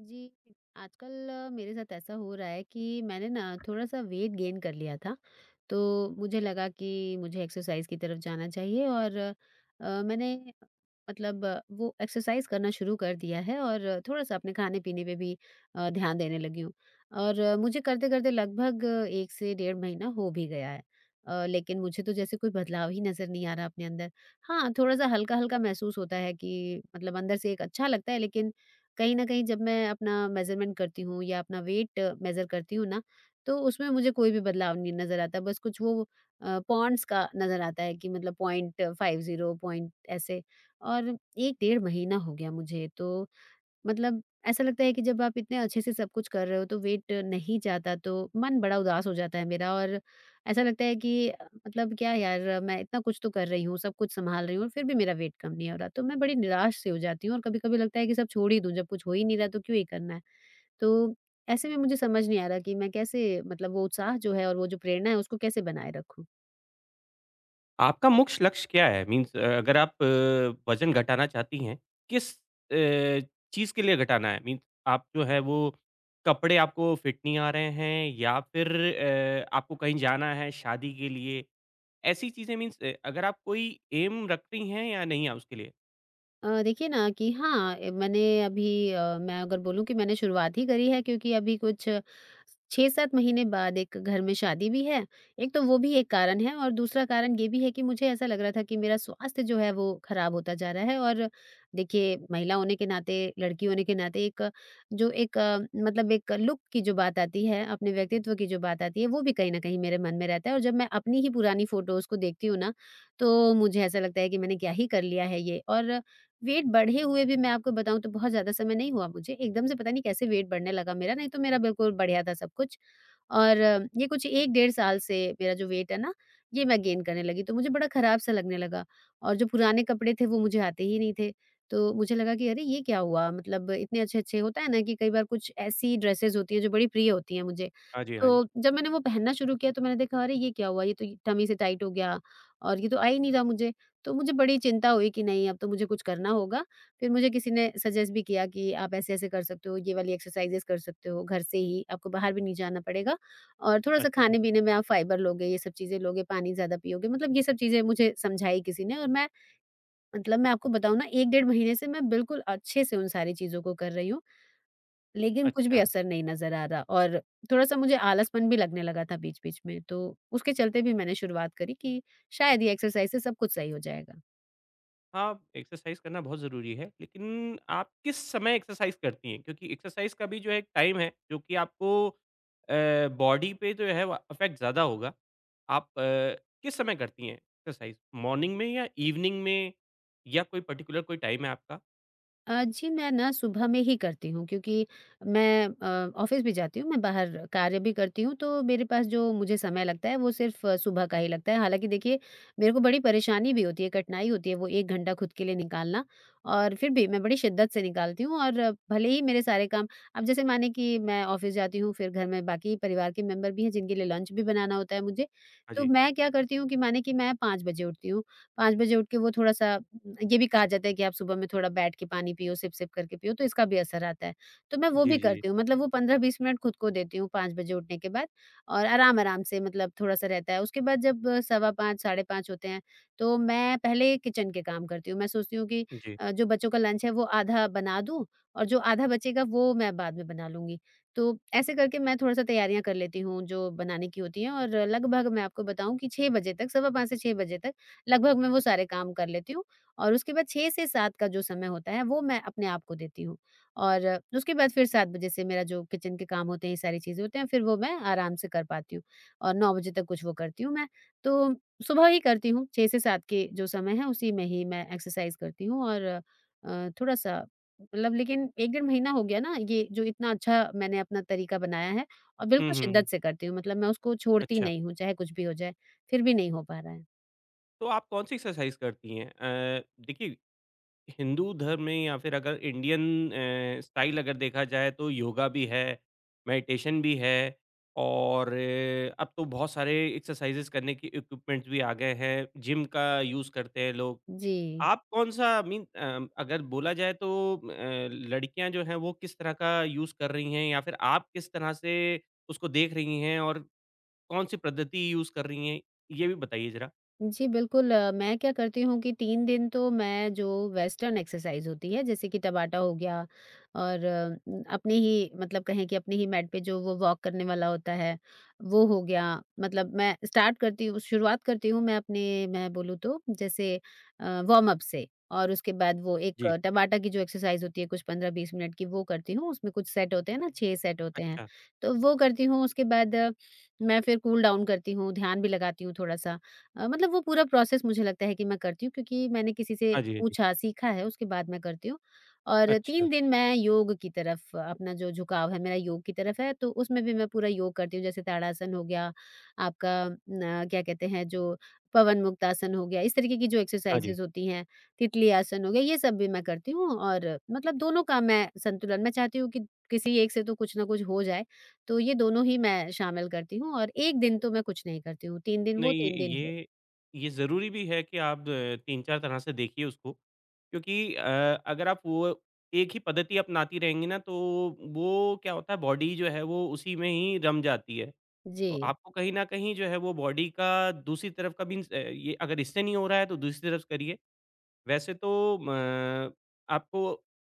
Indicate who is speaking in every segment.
Speaker 1: जी, आजकल अ, मेरे साथ ऐसा हो रहा है कि मैंने ना थोड़ा-सा वेट गेन कर लिया था, तो मुझे लगा कि मुझे एक्सरसाइज़ की तरफ़ जाना चाहिए और अ, मैंने मतलब वो एक्सरसाइज़ करना शुरू कर दिया है और थोड़ा-सा अपने खाने-पीने पे भी अ, ध्यान देने लगी हूँ और मुझे करते-करते लगभग 1 से डेढ़ महीना हो भी गया है। अ, लेकिन मुझे तो जैसे कोई बदलाव ही नज़र नहीं आ रहा अपने अंदर हाँ, थोड़ा-सा हल्का-हल्का महसूस होता है कि मतलब अंदर से एक अच्छा लगता है, लेकिन कहीं न कहीं जब मैं अपना मेज़रमेंट करती हूँ या अपना वेट मेज़र करती हूँ ना, तो उसमें मुझे कोई भी बदलाव नहीं नज़र आता, बस कुछ वो अ, पाउंड्स का नज़र आता है कि मतलब .50 पॉइंट ऐसे और 1 डेढ़ महीना हो गया मुझे, तो मतलब ऐसा लगता है कि जब आप इतने अच्छे से सब कुछ कर रहे हो, तो वेट नहीं जाता, तो मन बड़ा उदास हो जाता है मेरा और ऐसा लगता है कि मतलब क्या यार मैं इतना कुछ तो कर रही हूँ, सब कुछ सँभाल रही हूँ और फिर भी मेरा वेट कम नहीं हो रहा, तो मैं बड़ी निराश-सी हो जाती हूँ और कभी-कभी लगता है कि सब छोड़ ही दूँ जब कुछ हो ही नहीं रहा तो क्यों ये करना है? तो ऐसे में मुझे समझ नहीं आ रहा कि मैं कैसे मतलब वो उत्साह जो है और वो जो प्रेरणा है, उसको कैसे बनाए रखूँ?
Speaker 2: आपका मुख्य लक्ष्य क्या है? मीन्स अगर आप वज़न घटाना चाहती हैं, किस अ, चीज़ के लिए घटाना है? मीन आप जो हैं वो कपड़े आपको फिट नहीं आ रहे हैं या फिर अ, आपको कहीं जाना है शादी के लिए? ऐसी चीज़ें मीन्स अ, अगर आप कोई ऐम रखती हैं या नहीं है उसके लिए?
Speaker 1: अ, देखिए ना कि हाँ, ए मैंने अभी अ, मैं अगर बोलूँ कि मैंने शुरुआत ही करी है क्योंकि अभी कुछ स 6-7 महीने बाद एक घर में शादी भी है। एक तो वो भी एक कारण है और दूसरा कारण ये भी है कि मुझे ऐसा लग रहा था कि मेरा स्वास्थ्य जो है, वो खराब होता जा रहा है और देखिए, महिला होने के नाते, लड़की होने के नाते एक जो एक मतलब एक लुक की जो बात आती है, अपने व्यक्तित्व की जो बात आती है, वो भी कहीं न कहीं मेरे मन में रहता है और जब मैं अपनी ही पुरानी फ़ोटोस को देखती हूँ ना, तो मुझे ऐसा लगता है कि मैंने क्या ही कर लिया है ये और वेट बढ़े हुए भी मैं आपको बताऊँ तो बहुत ज़्यादा समय नहीं हुआ मुझे। एकदम से पता नहीं कैसे वेट बढ़ने लगा मेरा। नहीं तो मेरा बिल्कुल बढ़िया था सब कुछ और ये कुछ 1 डेढ़ साल से मेरा जो वेट है ना, ये मैं गेन करने लगी। तो मुझे बड़ा खराब-सा लगने लगा और जो पुराने कपड़े थे, वो मुझे आते ही नहीं थे। तो मुझे लगा कि, "अरे! ये क्या हुआ?" मतलब इतने अच्छे-अच्छे होता है ना कि कई बार कुछ ऐसी ड्रेसेस होती हैं जो बड़ी प्रिय होती हैं मुझे,
Speaker 2: हाँ जी, हाँ जी।
Speaker 1: तो जब मैंने वो पहनना शुरू किया तो मैंने देखा अरे! ये क्या हुआ, ये तो ये टम्मी से टाइट हो गया और ये तो आ ही नहीं रहा मुझे। तो मुझे बड़ी चिंता हुई कि नहीं, अब तो मुझे कुछ करना होगा। फिर मुझे किसी ने सजेस्ट भी किया कि आप ऐसे-ऐसे कर सकते हो, ये वाली एक्सरसाइज़ेज़ कर सकते हो घर से ही। आपको बाहर भी नहीं जाना पड़ेगा और थोड़ा-सा
Speaker 2: अच्छा।
Speaker 1: खाने-पीने में आप फाइबर लोगे, ये सब चीज़ें लोगे, पानी ज़्यादा पियोगे मतलब ये सब चीज़ें मुझे समझाई किसी ने और मैं मतलब मैं आपको बताऊँ ना, 1 डेढ़ महीने से मैं बिल्कुल अच्छे से उन सारी चीज़ों को कर रही हूँ। लेकिन कुछ भी
Speaker 2: अच्छा।
Speaker 1: असर नहीं नज़र आ रहा और थोड़ा-सा मुझे आलसपन भी लगने लगा था बीच-बीच में तो उसके चलते भी मैंने शुरुआत करी कि शायद ये एक्सरसाइज़ से सब कुछ सही हो जाएगा।
Speaker 2: हाँ, एक्सरसाइज़ करना बहुत ज़रूरी है, लेकिन आप किस समय एक्सरसाइज़ करती हैं? क्योंकि एक्सरसाइज़ का भी जो है एक टाइम है, जो कि आपको अ, बॉडी पे जो है वा अफ़ेक्ट ज़्यादा होगा। आप अ, किस समय करती हैं एक्सरसाइज़, मॉर्निंग में या ईवनिंग में या कोई पर्टिक्युलर कोई टाइम है आपका?
Speaker 1: अ, जी, मैं ना सुबह में ही करती हूँ क्योंकि मैं अ, ऑफ़िस भी जाती हूँ, मैं बाहर कार्य भी करती हूँ तो मेरे पास जो मुझे समय लगता है, वो सिर्फ़ सुबह का ही लगता है। हालाँकि देखिए, मेरे को बड़ी परेशानी भी होती है, कठिनाई होती है वो 1 घंटा खुद के लिए निकालना और फिर भी मैं बड़ी शिद्दत से निकालती हूँ और भले ही मेरे सारे काम अब जैसे मानें कि मैं ऑफ़िस जाती हूँ फिर घर में बाकी परिवार के मेंबर भी हैं, जिनके लिए लंच भी बनाना होता है मुझे।
Speaker 2: हाँ
Speaker 1: तो
Speaker 2: जी।
Speaker 1: मैं क्या करती हूँ कि मानें कि मैं 5 बजे उठती हूँ, 5 बजे उठ के वो थोड़ा-सा अ, ये भी कहा जाता है कि आप सुबह में थोड़ा बैठ के पानी पियो, सिप-सिप करके पियो तो इसका भी असर आता है। तो मैं वो
Speaker 2: जी,
Speaker 1: भी
Speaker 2: जी।
Speaker 1: करती हूँ मतलब वो 15-20 मिनट खुद को देती हूँ 5 बजे उठने के बाद और आराम-आराम से मतलब थोड़ा-सा रहता है। उसके बाद जब सवा 5, साढ़े 5 होते हैं, तो मैं पहले किचन के काम करती हूँ। मैं सोचती हूँ कि
Speaker 2: जी।
Speaker 1: अ, जो बच्चों का लंच है, वो आधा बना दूँ और जो आधा बचेगा वो मैं बाद में बना लूँगी। तो ऐसे करके मैं थोड़ा-सा तैयारियाँ कर लेती हूँ जो बनाने की होती हैं और लगभग मैं आपको बताऊँ कि 6 बजे तक सवा 5 से 6 बजे तक, लगभग मैं वो सारे काम कर लेती हूँ और उसके बाद 6 से 7 का जो समय होता है, वो मैं अपने आप को देती हूँ। और उसके बाद फिर 7 बजे से मेरा जो किचन के काम होते हैं, ये सारी चीज़ें होते हैं, फिर वो मैं आराम से कर पाती हूँ और 9 बजे तक कुछ वो करती हूँ मैं। तो सुबह ही करती हूँ, 6 से 7 के जो समय है, उसी में ही मैं एक्सरसाइज़ करती हूँ और अ, थोड़ा-सा मतलब लेकिन 1 डेढ़ महीना हो गया ना, ये जो इतना अच्छा मैंने अपना तरीका बनाया है और
Speaker 2: हुँ,
Speaker 1: बिल्कुल
Speaker 2: हुँ, हुँ।
Speaker 1: शिद्दत से करती हूँ। मतलब मैं उसको छोड़ती
Speaker 2: अच्छा।
Speaker 1: नहीं हूँ चाहे कुछ भी हो जाए, फिर भी नहीं हो पा रहा है।
Speaker 2: तो आप कौन-सी एक्सरसाइज़ करती हैं? अ, देखिए, हिंदू धर्म में या फिर अगर इंडियन अ, स्टाइल अगर देखा जाए, तो योगा भी है, मेडिटेशन भी है और अब तो बहुत सारे एक्सरसाइज़ेस करने के इक्विपमेंट्स भी आ गए हैं, जिम का यूज़ करते हैं लोग।
Speaker 1: जी।
Speaker 2: आप कौन-सा मीन अ, अगर बोला जाए तो अ, लड़कियाँ जो हैं वो किस तरह का यूज़ कर रही हैं या फिर आप किस तरह से उसको देख रही हैं, और कौन-सी पद्धति यूज़ कर रही हैं, ये भी बताइए ज़रा।
Speaker 1: जी, बिल्कुल। अ, मैं क्या करती हूँ कि 3 दिन तो मैं जो वेस्टर्न एक्सरसाइज़ होती है, जैसे कि टाबाटा हो गया और अम, अपनी ही मतलब कहें कि अपनी ही मैट पे जो वो वॉक करने वाला होता है, वो हो गया। मतलब मैं स्टार्ट करती हूँ शुरुआत करती हूँ मैं अपने मैं बोलूँ तो, जैसे अ, वार्म-अप से, और उसके बाद वो एक
Speaker 2: जी।
Speaker 1: टाबाटा की जो एक्सरसाइज़ होती है कुछ 15-20 मिनट की, वो करती हूँ। उसमें कुछ सेट होते हैं ना, 6 सेट होते हैं,
Speaker 2: अच्छा।
Speaker 1: तो वो करती हूँ। उसके बाद मैं फिर कूल-डाउन करती हूँ, ध्यान भी लगाती हूँ थोड़ा-सा। अ, मतलब वो पूरा प्रोसेस मुझे लगता है कि मैं करती हूँ क्योंकि मैंने किसी से
Speaker 2: हाँ जी, हाँ जी।
Speaker 1: पूछा सीखा है, उसके बाद मैं करती हूँ। और
Speaker 2: अच्छा।
Speaker 1: 3 दिन मैं योग की तरफ अपना जो झुकाव है मेरा योग की तरफ है, तो उसमें भी मैं पूरा योग करती हूँ। जैसे ताड़ासन हो गया, आपका न क्या कहते हैं जो पवनमुक्तासन हो गया, इस तरीके की जो
Speaker 2: हाँ जी।
Speaker 1: एक्सरसाइज़ेस होती हैं, तितली आसन हो गया, ये सब भी मैं करती हूँ और मतलब दोनों का मैं संतुलन मैं चाहती हूँ कि किसी एक से तो कुछ ना कुछ हो जाए, तो ये दोनों ही मैं शामिल करती हूँ और 1 दिन तो मैं कुछ नहीं करती हूँ, 3 दिन वो,
Speaker 2: नहीं,
Speaker 1: 3 दिन वो।
Speaker 2: ये, ये ज़रूरी भी है कि आप 3-4 तरह से देखिए उसको क्योंकि अ, अगर आप वो एक ही पद्धति अपनाती रहेंगी ना, तो वो वो क्या होता है, बॉडी जो है वो उसी में ही रम जाती है। तो
Speaker 1: जी।
Speaker 2: आपको कहीं न कहीं जो है वो बॉडी का दूसरी तरफ का मीन्स अ अ, ये अगर इससे नहीं हो रहा है, तो दूसरी तरफ स करिए। वैसे तो म आपको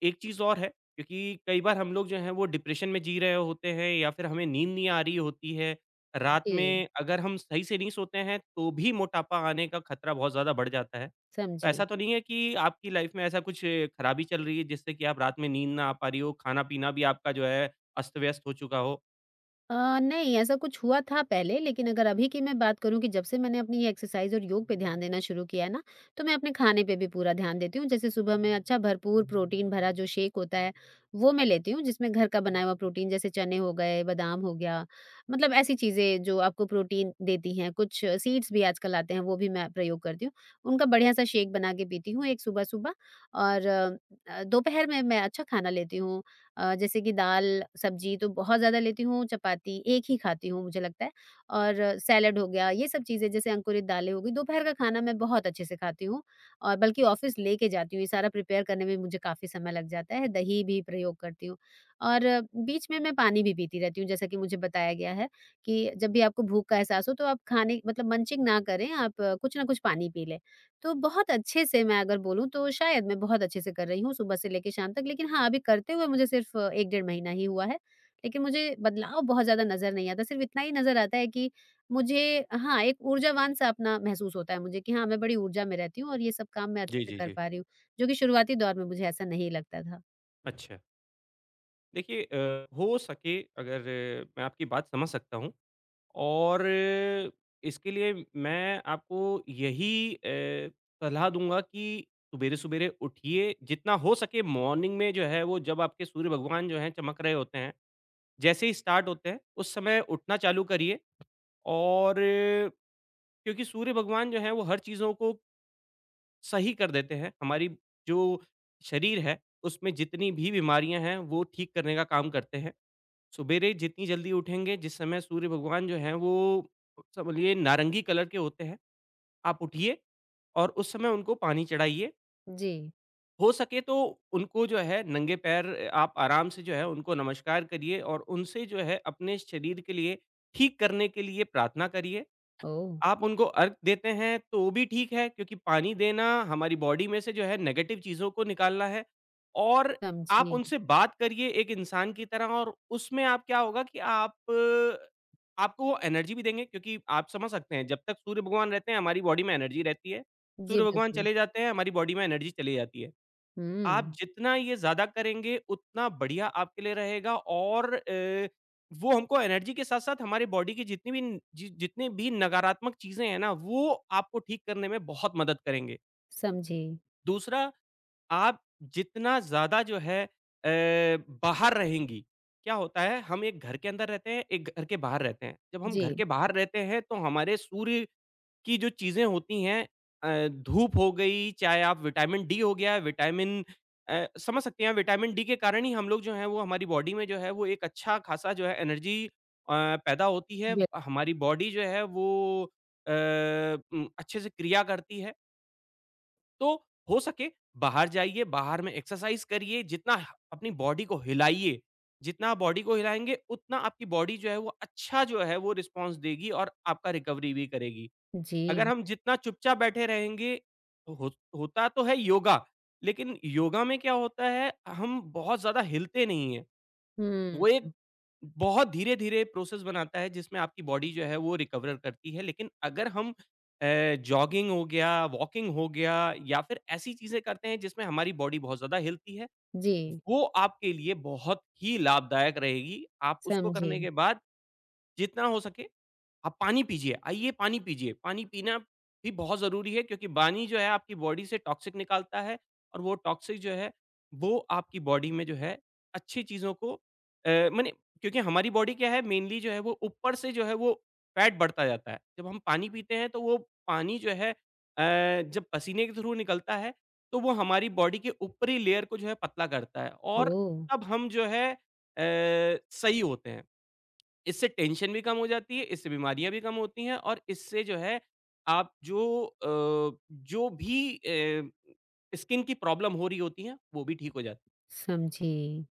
Speaker 2: एक चीज़ और है, क्योंकि कई बार हम लोग जो हैं वो डिप्रेशन में जी रहे होते हैं या फिर हमें नींद नहीं आ रही होती है। रात
Speaker 1: इ
Speaker 2: में अगर हम सही से नहीं सोते हैं, तो भी मोटापा आने का खतरा बहुत ज़्यादा बढ़ जाता है।
Speaker 1: समझी।
Speaker 2: ऐसा तो नहीं है कि आपकी लाइफ में ऐसा कुछ खराबी चल रही है जिससे कि आप रात में नींद ना आ पा रही हो, खाना-पीना भी आपका जो है अस्त-व्यस्त हो चुका हो?
Speaker 1: अ, नहीं, ऐसा कुछ हुआ था पहले, लेकिन अगर अभी की मैं बात करूँ कि जब से मैंने अपनी ये एक्सरसाइज़ और योग पे ध्यान देना शुरू किया है ना, तो मैं अपने खाने पे भी पूरा ध्यान देती हूँ। जैसे सुबह में अच्छा भरपूर प्रोटीन भरा जो शेक होता है, वो मैं लेती हूँ जिसमें घर का बना हुआ प्रोटीन, जैसे चने हो गए, बादाम हो गया, मतलब ऐसी चीज़ें जो आपको प्रोटीन देती हैं। कुछ सीड्स भी आजकल आते हैं, वो भी मैं प्रयोग करती हूँ। उनका बढ़िया-सा शेक बनाके पीती हूँ, एक सुबह-सुबह और अ, दोपहर में मैं अच्छा खाना लेती हूँ अ, जैसे कि दाल, सब्ज़ी तो बहुत ज़्यादा लेती हूँ, चपाती 1 ही खाती हूँ मुझे लगता है, और सलाद हो गया। ये सब चीज़ें, जैसे अंकुरित दालें हो गई, दोपहर का खाना मैं बहुत अच्छे से खाती हूँ, और बल्कि ऑफिस लेके जाती हूँ। ये सारा प्रिपेयर करने में भी मुझे काफ़ी समय लग जाता है। दही भी प्रयोग करती हूँ, और बीच में मैं पानी भी पीती रहती हूँ, जैसा कि मुझे बताया गया है कि जब भी आपको भूख का एहसास हो, तो आप खाने मतलब मंचिंग ना करें, आप कुछ ना कुछ पानी पी लें। तो बहुत अच्छे से मैं अगर बोलूँ, तो शायद मैं बहुत अच्छे से कर रही हूँ, सुबह से लेके शाम तक। लेकिन हाँ, अभी करते हुए मुझे सिर्फ 1 डेढ़ महीना ही हुआ है, लेकिन मुझे बदलाव बहुत ज़्यादा नज़र नहीं आता। सिर्फ इतना ही नज़र आता है कि मुझे, हाँ, एक ऊर्जावान-सा अपना महसूस होता है मुझे कि हाँ, मैं बड़ी ऊर्जा में रहती हूँ और ये सब काम मैं अच्छे
Speaker 2: जी,
Speaker 1: से
Speaker 2: जी,
Speaker 1: कर
Speaker 2: जी।
Speaker 1: पा रही हूँ, जो कि शुरुआती दौर में मुझे ऐसा नहीं लगता था।
Speaker 2: अच्छा। देखिए अ, हो सके अगर मैं आपकी बात समझ सकता हूँ और इसके लिए मैं आपको यही अ, सलाह दूँगा कि सुबेरे-सुबेरे उठिए। जितना हो सके मॉर्निंग में जो है वो जब आपके सूर्य भगवान जो हैं चमक रहे होते हैं। जैसे ही स्टार्ट होते हैं उस समय उठना चालू करिए और क्योंकि सूर्य भगवान जो है वो हर चीज़ों को सही कर देते हैं हमारी जो शरीर है उसमें जितनी भी बीमारियाँ हैं वो ठीक करने का काम करते हैं। सुबेरे जितनी जल्दी उठेंगे, जिस समय सूर्य भगवान जो हैं वो कौन-सा बोलिए नारंगी कलर के होते हैं, आप उठिए और उस समय उनको पानी चढ़ाइए।
Speaker 1: जी।
Speaker 2: हो सके तो उनको जो है नंगे पैर आप आराम से जो है उनको नमस्कार करिए और उनसे जो है अपने शरीर के लिए ठीक करने के लिए प्रार्थना करिए।
Speaker 1: ओह!
Speaker 2: आप उनको अर्घ देते हैं, तो भी ठीक है क्योंकि पानी देना हमारी बॉडी में से जो है नेगटिव चीज़ों को निकालना है और आप
Speaker 1: समझी।
Speaker 2: उनसे बात करिए एक इंसान की तरह और उसमें क्या होगा कि आप आपको वो एनर्जी भी देंगे क्योंकि आप समझ सकते हैं जब तक सूर्य भगवान रहते हैं हमारी बॉडी में एनर्जी रहती है।
Speaker 1: जी,
Speaker 2: सूर्य भगवान
Speaker 1: बिल्कुल।
Speaker 2: चले जाते हैं हमारी बॉडी में एनर्जी चली जाती है आप
Speaker 1: हुँ।
Speaker 2: जितना ये ज़्यादा करेंगे उतना बढ़िया आपके लिए रहेगा और अ, वो हमको एनर्जी के साथ-साथ हमारी बॉडी की जितनी भी जि जितनी भी नकारात्मक चीज़ें हैं ना वो आपको ठीक करने में बहुत मदद करेंगे।
Speaker 1: समझी।
Speaker 2: दूसरा, आप जितना ज़्यादा जो है अ, बाहर रहेंगी, क्या होता है, हम एक घर के अंदर रहते हैं, एक घर के बाहर रहते हैं, जब हम घर
Speaker 1: जी।
Speaker 2: के बाहर रहते हैं, तो हमारे सूर्य की जो चीज़ें होती हैं अ, धूप हो गई, चाहे आप विटामिन डी हो गया, विटामिन अ समझ सकती हैं, विटामिन डी के कारण ही हम लोग जो हैं, वो हमारी बॉडी में जो है, एक अच्छा खासा जो है एनर्जी अ, पैदा होती है।
Speaker 1: व्य
Speaker 2: हमारी बॉडी जो है वो अ उम, अच्छे से क्रिया करती है। तो हो सके, बाहर जाइए, बाहर में एक्सरसाइज़ करिए, जितना ह अपनी बॉडी को हिलाइए, जितना बॉडी को हिलाएँगे, उतना आपकी बॉडी जो है, वो अच्छा जो है वो रिस्पॉन्स देगी और आपका रिकवरी भी करेगी। अगर
Speaker 1: जी।
Speaker 2: हम जितना चुपचाप बैठे रहेंगे हो होता तो है योगा, लेकिन योगा में क्या होता है, हम बहुत ज़्यादा हिलते नहीं हैं। वो एक
Speaker 1: हुँ।
Speaker 2: बहुत धीरे-धीरे प्रोसेस बनाता है जिसमें आपकी बॉडी जो है, वो रिकवर करती है। लेकिन अगर हम अ, जॉगिंग हो गया, वॉकिंग हो गया, या फिर ऐसी चीज़ें करते हैं जिसमें हमारी बॉडी बहुत ज़्यादा हिलती है,
Speaker 1: जी।
Speaker 2: वो आपके लिए बहुत ही लाभदायक रहेगी। आप उसको करने
Speaker 1: समझी।
Speaker 2: के बाद जितना हो सके आप पानी पीजिए, आइए, पानी पीजिए। पानी पीना भी बहुत ज़रूरी है क्योंकि पानी जो है आपकी बॉडी से टॉक्सिक निकालता है, और वो टॉक्सिक जो है, वो आपकी बॉडी में जो है अच्छी चीज़ों को अ मने क्योंकि हमारी बॉडी क्या है, मेनली जो है, वो ऊपर से जो है वो फैट बढ़ता जाता है। जब हम पानी पीते हैं, तो वो पानी जो है अ, जब पसीने के थ्रू निकलता है, तो वो हमारी बॉडी के ऊपरी लेयर को जो है पतला करता है और
Speaker 1: ओह!
Speaker 2: तब हम जो है अ, सही होते हैं। इससे टेंशन भी कम हो जाती है, इससे बीमारियाँ भी कम होती हैं, और इससे जो है आप जो अ, जो भी अ, स्किन की प्रॉब्लम हो रही होती है, वो भी ठीक हो जा
Speaker 1: समझी।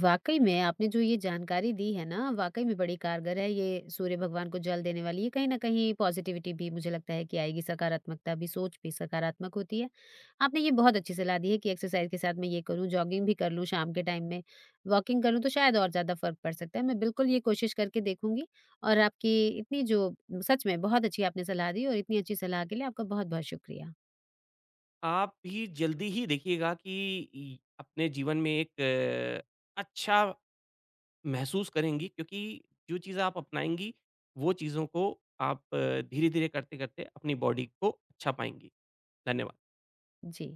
Speaker 1: वाक़ई में आपने जो ये जानकारी दी है ना, वाक़ई में बड़ी कारगर है, ये सूर्य भगवान को जल देने वाली, ये कहीं न कहीं पॉजिटिविटी भी मुझे लगता है कि आएगी, सकारात्मकता भी, सोच भी सकारात्मक होती है। आपने ये बहुत अच्छी सलाह दी है कि एक्सरसाइज के साथ मैं ये करूँ, जॉगिंग भी कर लूँ शाम के टाइम में, वॉकिंग करूँ, तो शायद और ज़्यादा फ़र्क पड़ सकता है। मैं बिल्कुल ये कोशिश करके देखूँगी और आपकी इतनी जो सच में बहुत अच्छी आपने सलाह दी, और इतनी अच्छी सलाह के लिए आपका बहुत-बहुत शुक्रिया।
Speaker 2: आप ही जल्दी ही देखिएगा कि इ अपने जीवन में एक अच्छा महसूस करेंगी क्योंकि जो चीज़ आप अपनाएँगी, वो चीज़ों को आप धीरे-धीरे करते-करते अपनी बॉडी को अच्छा पाएँगी। धन्यवाद।
Speaker 1: जी।